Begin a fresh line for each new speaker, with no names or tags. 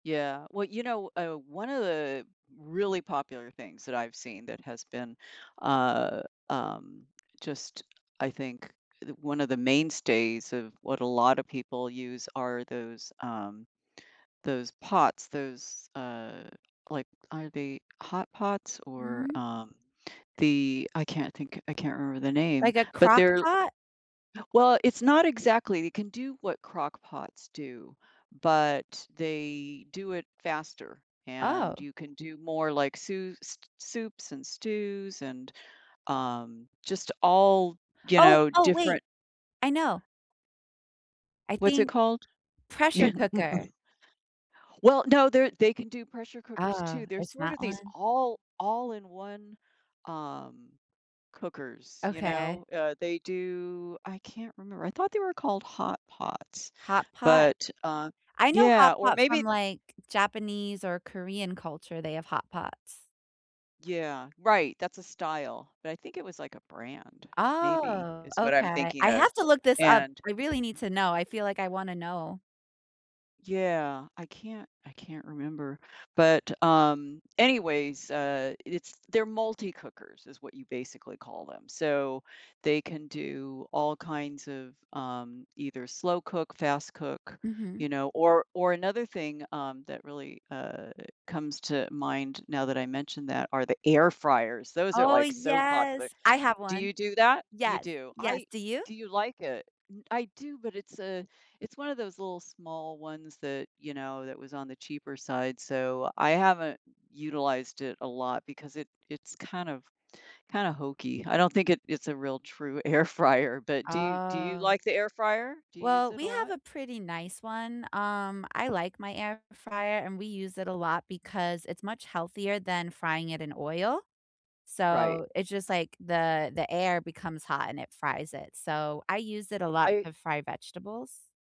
Yeah, well, you know, uh, one of the really popular things that I've seen that has been, uh, um, just I think th one of the mainstays of what a lot of people use are those, um, those pots, those, uh, like, are they hot pots or,
Mm.
um, the I can't think. I can't remember the name.
Like a
But
crock
they're
pot?
Well, it's not exactly. It can do what crock pots do, but they do it faster, and
Oh.
you can do more like sous s soups and stews and, um, just all, you
Oh,
know,
oh, wait.
different
I know. I
What's it
think
called?
Pressure
Y
cooker.
Well, no they're they can do pressure cookers
Ah,
too. They're
it's
sort
that
of these
one?
all all in one, um, cookers, you
Okay.
know? Uh, they do I can't remember. I thought they were called hot pots.
Hot pot?
But, uh
I know
Yeah,
hot
or
pot from,
maybe
like, Japanese or Korean culture, they have hot pots.
Yeah, right that's a style. But I think it was like a brand, maybe,
Oh,
is what I'm
okay.
thinking
I
of,
have to look this up,
and
we really need to know, I feel like I wanna know.
Yeah, I can't I can't remember. But, um, anyways, uh, i it's they're multi cookers is what you basically call them. So, they can do all kinds of, um, either slow cook, fast cook,
Mhm.
you know, or or another thing, um, that really, uh, comes to mind now that I mentioned that are the air fryers. Those are,
Oh,
like, so popular.
yes, I have
Do
one.
you do that? You
Yes,
do,
yes,
I
do you?
Do you like it? I do, but it's a it's one of those little small ones that, you know, that was on the cheaper side, so I haven't utilized it a lot because it it's kind of, kinda hokey. I don't think it it's a real true air fryer. But do do you
Oh.
like the air fryer? Do you use
Well,
it a
we have
lot?
a pretty nice one, um, I like my air fryer, and we use it a lot because it's much healthier than frying it in oil.
Right.
So, it's just like the the air becomes hot and it fries it. So, I use it a lot
I
to fry vegetables.